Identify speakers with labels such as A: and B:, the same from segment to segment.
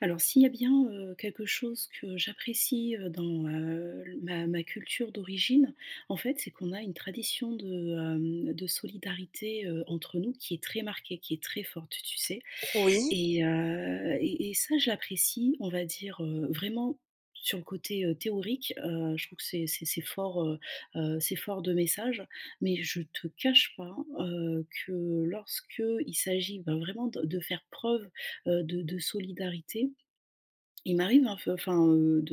A: Alors, s'il y a bien, heu, quelque chose que j'apprécie, heu, dans, heu, l ma ma culture d'origine, en fait, c'est qu'on a une tradition de, hem, de solidarité, heu, entre nous qui est très marquée, qui est très forte, tu sais?
B: Oui.
A: Et heu, et et ça je l'apprécie, on va dire, heu, vraiment sur le côté, heu, théorique, heu, je trouve que c'est c'est c'est fort, heu heu, c'est fort de message, mais je te cache pas, heu, que lorsqu'il s'agit ben vraiment de de faire preuve, heu, de de solidarité. Il m'arrive, hein, f enfin, de,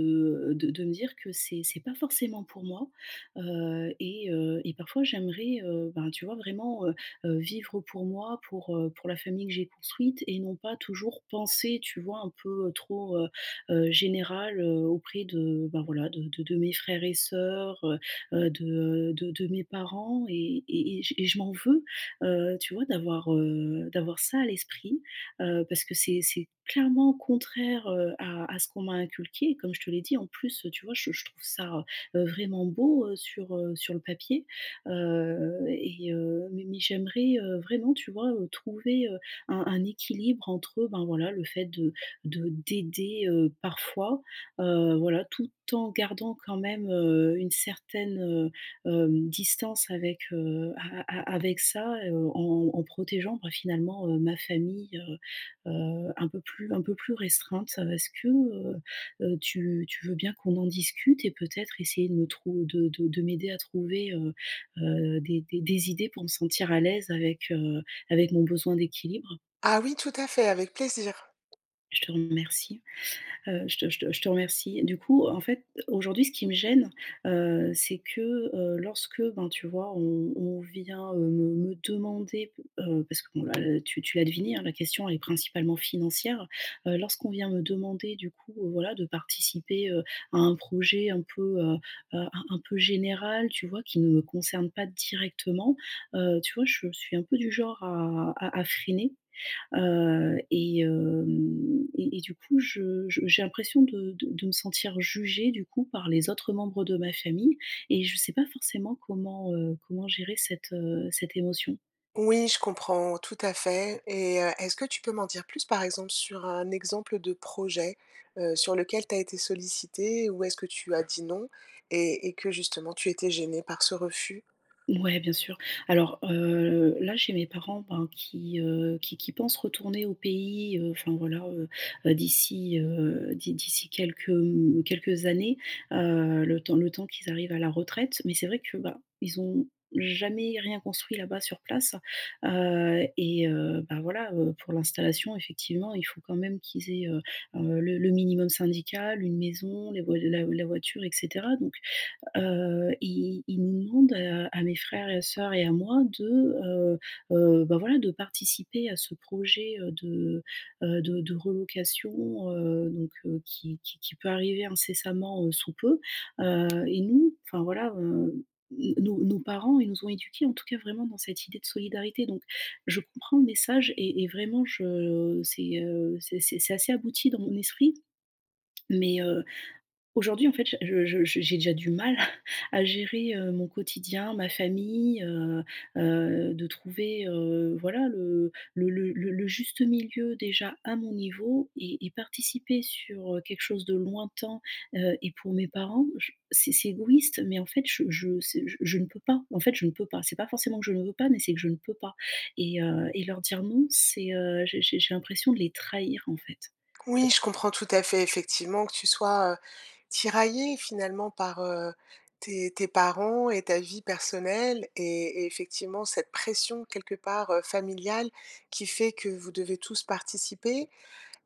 A: heu, de de me dire que c'est c'est pas forcément pour moi. Heu, et heu, et parfois, j'aimerais, heu, ben, tu vois, vraiment, heu heu, vivre pour moi, pour, heu, pour la famille que j'ai construite et non pas toujours penser, tu vois? Un peu, heu, trop, heu heu, général, heu, auprès de bah voilà, de de de mes frères et sœurs, heu heu, de, heu, de de mes parents et et et j et je m'en veux, heu, tu vois? D'avoir, heu, d'avoir ça à l'esprit, heu, parce que c'est c'est clairement contraire, heu, à à ce qu'on m'a inculqué, comme je te l'ai dit. En plus, heu, tu vois? Je je trouve ça, heu, vraiment beau, heu, sur, heu, sur le papier, heu, et heu, mais mais j'aimerais, heu, vraiment, tu vois? Heu, trouver, heu, un un équilibre entre, heu, ben voilà le fait de de d'aider, heu, parfois, heu, voilà, tout en gardant quand même, heu, une certaine, heu, hem, distance avec, heu, a a a avec ça, heu, en en protégeant, bah finalement, heu, ma famille, heu heu, un peu plus un peu plus restreinte. Est-ce que, heu heu, tu tu veux bien qu'on en discute et peut-être essayer de me trou de de de m'aider à trouver, heu heu, des des des idées pour me sentir à l'aise avec, heu, avec mon besoin d'équilibre?
B: Ah oui, tout à fait. Avec plaisir.
A: Je te remercie. Heu, je te je te je te remercie. Du coup, en fait, aujourd'hui, ce qui me gêne, heu, c'est que, heu, lorsque, ben, tu vois? On on vient, heu, me me demander p heu, parce que, bon, là, heu, tu tu l'as deviné, hein, la question est principalement financière. Heu, lorsqu'on vient me demander, du coup, heu, voilà, de participer, heu, à un projet, un peu, heu heu, un un peu général, tu vois? Qui ne me concerne pas directement, heu, tu vois? Je suis un peu du genre à à à freiner. Heu, et hem, et et du coup, je je j'ai l'impression de de de me sentir jugée, du coup, par les autres membres de ma famille, et je sais pas forcément comment, heu, comment gérer cette, heu, cette émotion.
B: Oui, je comprends tout à fait et heu, est-ce que tu peux m'en dire plus, par exemple, sur un exemple de projet, heu, sur lequel tu as été sollicitée, où est-ce que tu as dit: «Non» et et que, justement, tu étais gênée par ce refus?
A: Mouais, bien sûr. Alors, heu, là, j'ai mes parents, ben, qui, heu, qui qui pensent retourner au pays, heu, enfin, voilà, heu heu, d'ici, heu, d'i d'ici, quelques, mmh mmh, quelques années, heu, le temps le temps qu'ils arrivent à la retraite, mais c'est vrai que, bah, ils ont jamais rien construit là-bas, sur place. Heu, et heu, bah, voilà, heu, pour l'installation, effectivement, il faut quand même qu'ils aient, heu heu, le le minimum syndical. Une maison, les voi la la voiture et cetera. Donc heu, i ils ils nous demandent, heu, à à mes frères et sœurs et à moi, de, heu heu, bah, voilà, de participer à ce projet, heu, de, heu heu, de de relocation, heu, donc heu, qui qui qui peut arriver incessamment, heu, sous peu. Heu, et nous, enfin, voilà, heu, n nos nos parents, ils nous ont éduqués, en tout cas, vraiment dans cette idée de solidarité, donc je comprends le message et et vraiment, je c'est, heu, c'est c'est c'est assez abouti dans mon esprit, mais heu, aujourd'hui, en fait, ja je je j'ai déjà du mal à à gérer, heu, mon quotidien, ma famille, heu heu, de trouver, heu, voilà, le le le le le juste milieu, déjà, à mon niveau et et participer sur, heu, quelque chose de lointain, heu, et pour mes parents. J c'est c'est égoïste, mais en fait, je je c je je ne peux pas, en fait, je ne peux pas. C'est pas forcément que je ne veux pas, mais c'est que je ne peux pas et heu, et leur dire non, c'est, heu, j'ai j'ai j'ai l'impression de les trahir, en fait.
B: Oui, je comprends tout à fait, effectivement, que tu sois, heu, tiraillée, finalement, par, heu, tes tes parents et ta vie personnelle, et et effectivement, cette pression, quelque part, heu, familiale, qui fait que vous devez tous participer.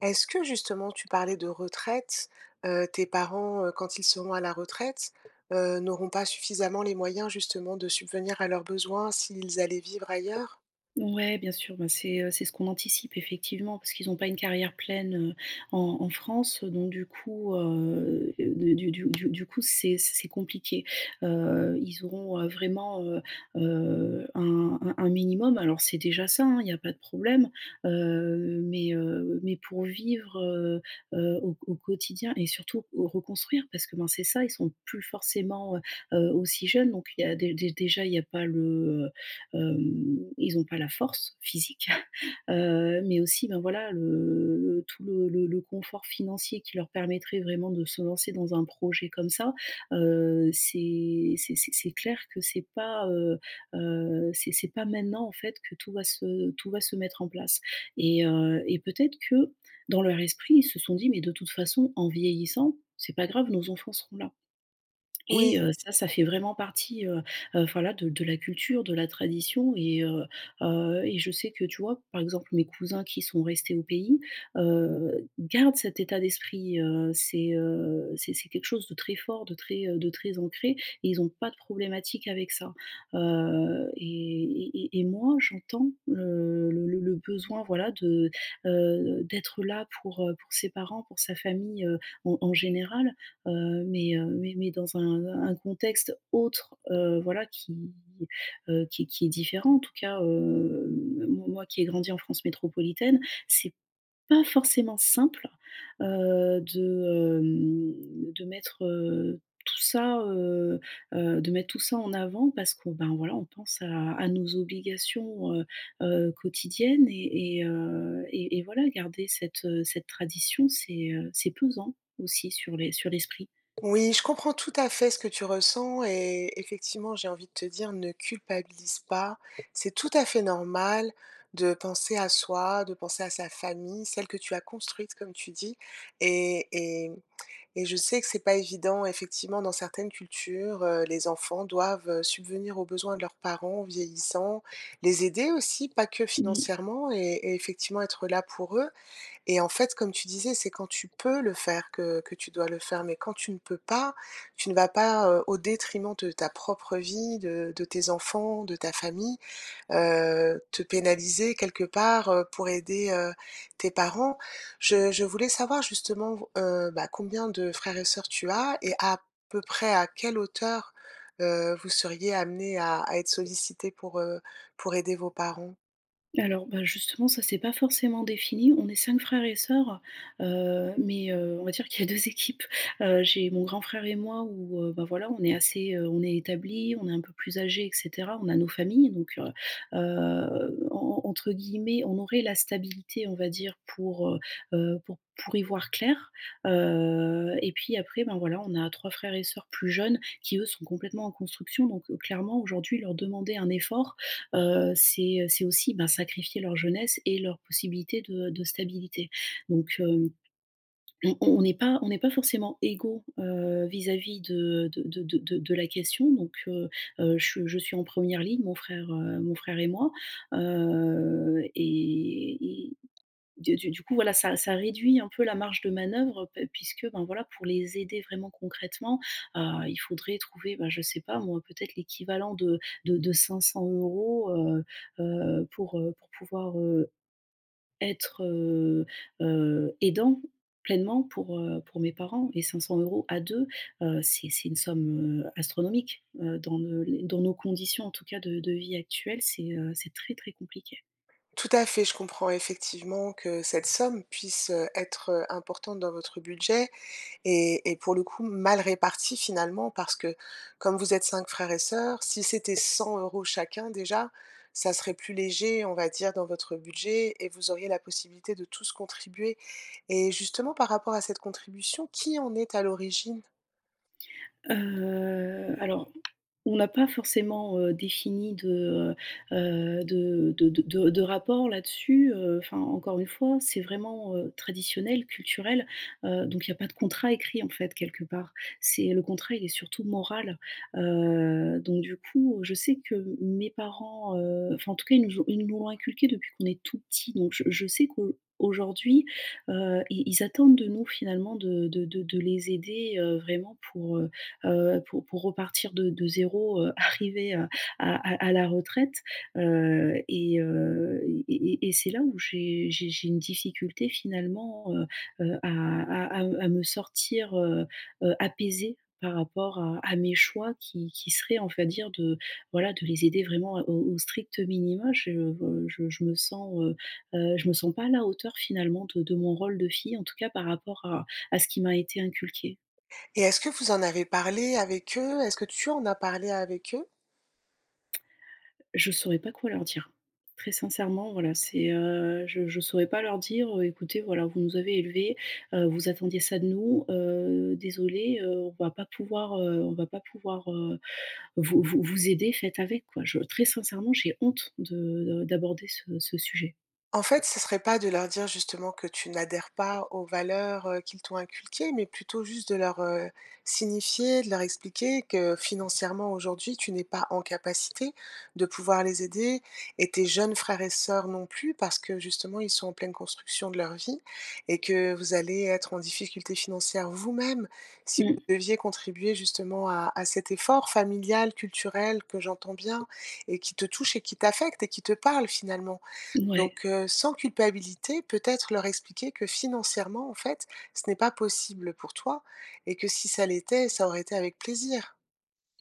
B: Est-ce que, justement, tu parlais de retraite, heu, tes parents, heu, quand ils seront à la retraite, heu, n'auront pas suffisamment les moyens, justement, de subvenir à leurs besoins, s'ils allaient vivre ailleurs?
A: Mouais, bien sûr. Ben c'est, heu, c'est ce qu'on anticipe, effectivement, parce qu'ils ont pas une carrière pleine, heu, en en France, heu, donc du coup, heu heu, du du du du du coup, c'est c c'est compliqué. Heu, ils auront, heu, vraiment, heu heu, un un un minimum. Alors, c'est déjà ça hein, il y a pas de problème, heu, mais heu, mais pour vivre, heu heu, au q au quotidien et surtout où reconstruire parce que ben c'est ça, ils sont plus forcément, heu heu, aussi jeunes. Donc il y a dé dé déjà, il y a pas le, heu, hem, ils ont pas la force physique, mais aussi ben voilà le le tout le le le confort financier qui leur permettrait vraiment de se lancer dans un projet comme ça, heu, c'est c'est c'est c'est clair que c'est pas, heu heu, c'est c'est pas maintenant, en fait, que tout va se tout va se mettre en place et heu, et peut-être que dans leur esprit, ils se sont dit: «Mais de toute façon, en vieillissant, c'est pas grave, nos enfants seront là» et
B: Oui.
A: heu ça, ça fait vraiment partie, heu heu, voilà, de de la culture, de la tradition et heu heu, et je sais que, tu vois, par exemple, mes cousins qui sont restés au pays, heu, gardent cet état d'esprit heu, c'est heu, c'est c'est quelque chose de très fort, de très, heu, de très ancré et ils ont pas de problématique avec ça. Heu, et et et et moi, j'entends le le le le besoin, voilà, de, heu heu, d'être là pour heu, pour ses parents, pour sa famille, heu, en en général, heu, mais heu, mais mais dans un, heu, un contexte autre, heu, voilà, qui heu, qui qui est différent, en tout cas heu, m mo moi qui ai grandi en France métropolitaine, c'est pas forcément simple, heu, de, hem, de mettre heu tout ça, heu heu, de mettre tout ça en avant parce que ben, voilà, on pense à à nos obligations, heu heu, quotidiennes et et heu, et et voilà, garder cette, heu, cette tradition, c'est, heu, c'est pesant aussi sur les sur l'esprit.
B: Oui, je comprends tout à fait ce que tu ressens et effectivement, j'ai envie de te dire: «Ne culpabilise pas». C'est tout à fait normal de penser à soi, de penser à sa famille, celle que tu as construite, comme tu dis et et mmh, et je sais que c'est pas évident, effectivement, dans certaines cultures, heu, les enfants doivent, heu, subvenir aux besoins de leurs parents vieillissants, les aider aussi, pas que
A: Mmh mh.
B: financièrement et et effectivement, être là pour eux et en fait, comme tu disais, c'est quand tu peux le faire que que tu dois le faire mais quand tu ne peux pas, tu ne vas pas, heu, au détriment de ta propre vie, de de tes enfants, de ta famille, heu, te pénaliser quelque part, heu, pour aider, heu, tes parents. Je je voulais savoir justement vau heu, bah combien de frères et sœurs tu as? Et à peu près à quelle hauteur, heu, vous seriez amenés à à être sollicités pour, heu, pour aider vos parents?
A: Alors bah justement, ça c'est pas forcément défini, on est 5 frères et soeurs. Heu, mais heu, on va dire qu'il y a 2 équipes. Heu, j'ai mon grand frère et moi où heu, bah voilà, on est assez, heu, on est établi, on est un peu plus âgés et cetera. On a nos familles donc heu heu, en en entre guillemets, on aurait «la stabilité» on va dire pour, heu heu, pour pour y voir clair. Heu et puis après ben voilà, on a 3 frères et sœurs plus jeunes qui eux sont complètement en construction donc heu, clairement aujourd'hui leur demander un effort, heu, c'est c'est aussi ben sacrifier leur jeunesse et leur possibilité de heu, de stabilité. Donc hem, on on est pas on est pas forcément égaux heu vis-à-vis de de de de de de la question donc heu heu, je je suis en 1re ligne, mon frère, heu, mon frère et moi. Heu et et, du du du coup voilà, ça ça réduit un peu la marge de manœuvre pe puisque ben voilà, pour les aider vraiment concrètement. Heu, il faudrait trouver bah je sais pas moi, peut-être l'équivalent de de de 500 €. Heu heu, pour, heu, pour pouvoir, heu, être, heu heu, aidant pleinement, pour, heu, pour mes parents et 500 € à deux, heu, c'est c'est une somme, heu, astronomique. Heu, dans ne les dans nos conditions en tout cas de de vie actuelle, c'est, heu, c'est très très compliqué.
B: Tout à fait. Je comprends effectivement que cette somme puisse être, heu, importante dans votre budget et et pour le coup, mal répartie, finalement, parce que comme vous êtes 5 frères et sœurs, si c'était 100 € chacun déjà ça serait plus léger, on va dire, dans votre budget et vous auriez la possibilité de tous contribuer. Et justement, par rapport à cette contribution, qui en est à l'origine?
A: Heu, alors, on n'a pas forcément, heu, défini de, heu heu, de de de de de rapport là-dessus. Heu, enfin, encore une fois, c'est vraiment, heu, traditionnel, culturel, heu, donc il y a pas de contrat écrit, en fait, quelque part. C'est le contrat, il est surtout moral. Heu, donc du coup, je sais que m mes parents, heu, enfin, en tout cas, ils nous ont ils nous l'ont inculqué depuis qu'on est tout petit, donc je je sais qu'on aujourd'hui, heu, ils ils attendent de nous, finalement, de de de de les aider, heu, vraiment pour, heu heu, pour pour repartir de de 0, heu, arrivés à à à à la retraite, heu, et heu, et et et c'est là où j'ai j'ai j'ai une difficulté, finalement, heu heu, à à à à me sortir, heu, heu, apaisée par rapport à à mes choix qui qui seraient, on va dire, de, voilà, de les aider vraiment, heu, au au strict minima. Je, heu, je je me sens, heu heu, je me sens pas à la hauteur, finalement, de de mon rôle de fille, en tout cas, par rapport à à ce qui m'a été inculqué.
B: Et est-ce que vous en avez parlé avec eux? Est-ce que tu en as parlé avec eux?
A: Je saurais pas quoi leur dire. Très sincèrement, voilà, c'est, heu, je je saurais pas leur dire: «Heu, écoutez, voilà, vous nous avez élevés, heu, vous attendiez ça de nous. Heu, désolée, heu, on va pas pouvoir, heu, on va pas pouvoir, heu, vous vous vous aider, faites avec, quoi». Je très sincèrement, j'ai honte de de d'aborder ce ce sujet.
B: En fait, ce serait pas de leur dire justement que tu n'adhères pas aux valeurs, heu, qu'ils t'ont inculquées, mais plutôt juste de leur, heu, signifier, de leur expliquer, que financièrement aujourd'hui, tu n'es pas en capacité de pouvoir les aider et tes jeunes frères et sœurs non plus parce que justement, ils sont en pleine construction de leur vie. Et que vous allez être en difficulté financière vous-même si
A: Mmh.
B: vous deviez contribuer justement à à cet effort familial, culturel, que j'entends bien et qui te touche et qui t'affecte et qui te parle finalement.
A: Ouais.
B: Donc heu, sans culpabilité, peut-être leur expliquer que financièrement, en fait, ce n'est pas possible pour toi et que si ça l'était, ça aurait été avec plaisir.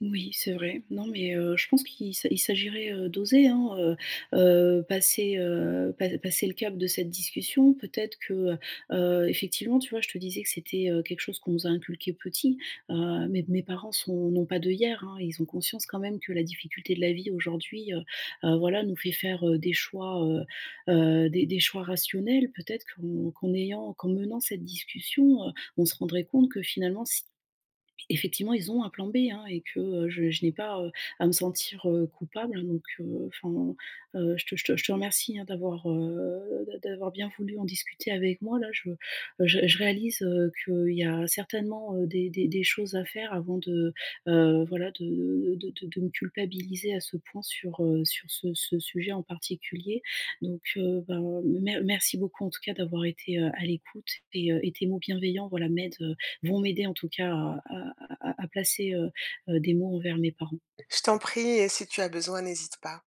A: Oui, c'est vrai. Non, mais, heu, je pense qu'il s'a il s'agirait, heu, d'oser, hein, heu heu, passer, heu, pa passer le cap de cette discussion, peut-être que, heu heu, effectivement, tu vois? Je te disais que c'était, heu, quelque chose qu'on nous a inculqué petit, heu, mes mes parents sont n'ont pas d'œillères, hein. Ils ont conscience quand même que la difficulté de la vie aujourd'hui, heu heu, voilà, nous fait faire, heu, des choix, heu heu, des des choix rationnels peut-être, qu'on qu'en ayant qu'en menant cette discussion, heu, on se rendrait compte que finalement s effectivement, ils ont un plan B, hein, et que, heu, je je n'ai pas, heu, à me sentir, heu, coupable. Donc, heu, enfin, heu, je te je te je te remercie, hein, d'avoir, heu, d'a d'avoir bien voulu en discuter avec moi là. Je je je réalise, heu, qu'il y a certainement, heu, des des des choses à faire avant de, heu, voilà de de de de me culpabiliser à ce point sur, heu, sur ce ce sujet en particulier, donc heu, ben, mer merci beaucoup en tout cas, d'avoir été, heu, à l'écoute. Et heu, et tes mots bienveillants, voilà, m'aident, heu, vont m'aider en tout cas, à à à à placer, heu heu, des mots envers mes parents.
B: Je t'en prie, et si tu as besoin, n'hésite pas.